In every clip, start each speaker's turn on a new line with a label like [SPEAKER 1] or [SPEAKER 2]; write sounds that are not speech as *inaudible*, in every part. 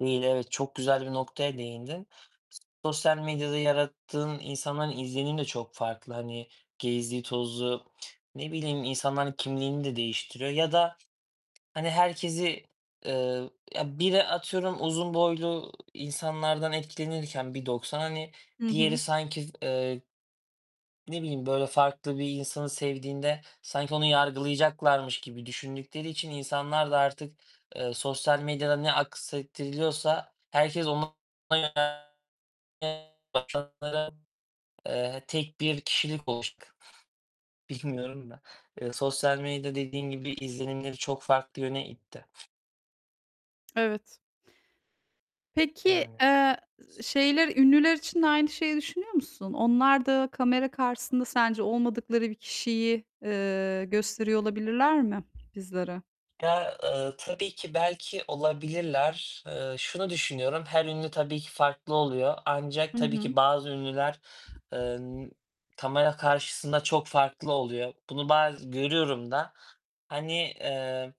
[SPEAKER 1] Değil, evet, çok güzel bir noktaya değindin. Sosyal medyada yarattığın, insanların izlenimi de çok farklı. Hani, gezdiği tozduğu, ne bileyim, insanların kimliğini de değiştiriyor ya da, hani, herkesi, eee, ya biri atıyorum uzun boylu insanlardan etkilenirken 1.90 hani,
[SPEAKER 2] Hı
[SPEAKER 1] diğeri
[SPEAKER 2] hı.
[SPEAKER 1] sanki, eee ne bileyim, böyle, farklı bir insanı sevdiğinde, sanki onu yargılayacaklarmış gibi düşündükleri için insanlar da artık, eee, sosyal medyada ne aksettiriliyorsa herkes ona yönelmeye başladı. Eee, tek bir kişilik *unintelligible* Bilmiyorum da. Iıı, sosyal medya dediğim gibi izlenimleri çok farklı yöne itti.
[SPEAKER 2] Evet. Peki,
[SPEAKER 1] Yani.
[SPEAKER 2] eee, şeyler, ünlüler için de aynı şeyi düşünüyor musun? Onlar da kamera karşısında sence olmadıkları bir kişiyi, eee, gösteriyor olabilirler mi bizlere?
[SPEAKER 1] Ya, ııı, tabii ki belki olabilirler. Iıı, şunu düşünüyorum, her ünlü tabii ki farklı oluyor. Ancak
[SPEAKER 2] Hı
[SPEAKER 1] tabii
[SPEAKER 2] hı.
[SPEAKER 1] ki bazı ünlüler, ııı, n kamera karşısında çok farklı oluyor. Bunu baz görüyorum da. Hani, eee,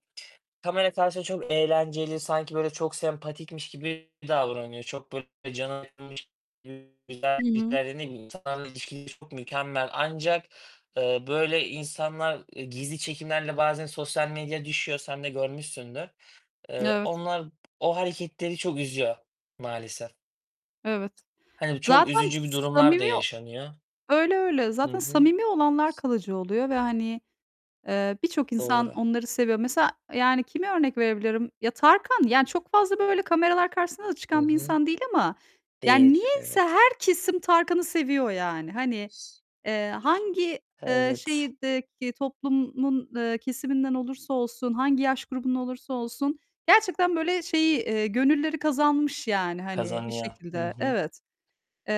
[SPEAKER 1] kamera karşısında çok eğlenceli sanki böyle çok sempatikmiş gibi davranıyor. Çok böyle cana yakınmış gibi, *unintelligible*
[SPEAKER 2] Hı hı.
[SPEAKER 1] Ne bileyim, insanlarla ilişkileri çok mükemmel ancak, eee, böyle insanlar gizli çekimlerle bazen sosyal medyaya düşüyor, sen de görmüşsündür. Eee,
[SPEAKER 2] Evet.
[SPEAKER 1] onlar, o hareketleri çok üzüyor maalesef.
[SPEAKER 2] Evet.
[SPEAKER 1] Hani, çok
[SPEAKER 2] Zaten
[SPEAKER 1] üzücü bir durumlar da
[SPEAKER 2] samimi
[SPEAKER 1] yaşanıyor.
[SPEAKER 2] öyle, öyle,
[SPEAKER 1] Hı
[SPEAKER 2] zaten
[SPEAKER 1] hı.
[SPEAKER 2] samimi olanlar kalıcı oluyor ve, hani, eee, birçok insan
[SPEAKER 1] Doğru.
[SPEAKER 2] onları seviyor. Mesela, yani, kimi örnek verebilirim? Ya Tarkan, yani, çok fazla böyle kameralar karşısında da
[SPEAKER 1] I
[SPEAKER 2] çıkan bir
[SPEAKER 1] hı.
[SPEAKER 2] insan değil ama yani
[SPEAKER 1] Değil,
[SPEAKER 2] niyeyse
[SPEAKER 1] evet.
[SPEAKER 2] her kesim Tarkan'ı seviyor yani. Hani,
[SPEAKER 1] S
[SPEAKER 2] eee, hangi, eee,
[SPEAKER 1] Evet.
[SPEAKER 2] şehirdeki toplumun, eee, kesiminden olursa olsun, hangi yaş grubundan olursa olsun, gerçekten, böyle, şeyi, eee, gönülleri kazanmış yani, hani, bir
[SPEAKER 1] Kazanıyor. Hı
[SPEAKER 2] şekilde,
[SPEAKER 1] hı.
[SPEAKER 2] evet. Eee,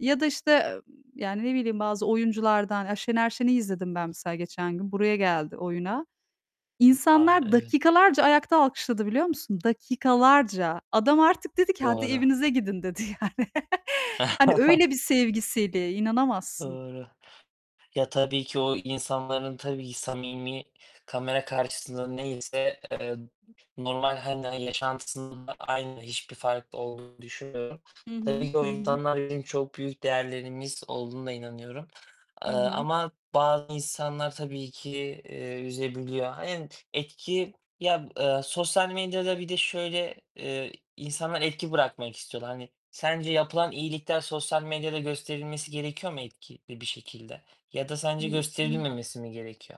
[SPEAKER 2] ya da, işte, ım yani, ne bileyim, bazı oyunculardan, ya Şener Şen'i izledim ben mesela geçen gün, buraya geldi oyuna.
[SPEAKER 1] A,
[SPEAKER 2] İnsanlar
[SPEAKER 1] evet.
[SPEAKER 2] dakikalarca ayakta alkışladı biliyor musun? Dakikalarca. Adam artık dedi ki "Hadi,
[SPEAKER 1] Doğru.
[SPEAKER 2] evinize gidin." dedi yani. *laughs* Hani, öyle bir
[SPEAKER 1] *chuckles*
[SPEAKER 2] sevgi seli, inanamazsın.
[SPEAKER 1] Doğru. Ya tabii ki o insanların, tabii ki samimi, kamera karşısında neyse, eee, normal hani yaşantısında da aynı, hiçbir farklı olduğunu düşünmüyorum.
[SPEAKER 2] Hı hı,
[SPEAKER 1] Tabii ki
[SPEAKER 2] hı
[SPEAKER 1] o
[SPEAKER 2] hı.
[SPEAKER 1] insanlar bizim çok büyük değerlerimiz olduğuna inanıyorum, eee,
[SPEAKER 2] Hı hı.
[SPEAKER 1] ama bazı insanlar tabii ki, eee, üzebiliyor. Aynen, etki Ya, eee, sosyal medyada bir de şöyle, eee, insanlar etki bırakmak istiyorlar. Hani, sence yapılan iyilikler sosyal medyada gösterilmesi gerekiyor mu etkili bir şekilde ya da sence
[SPEAKER 2] *unintelligible*
[SPEAKER 1] gösterilmemesi mi gerekiyor?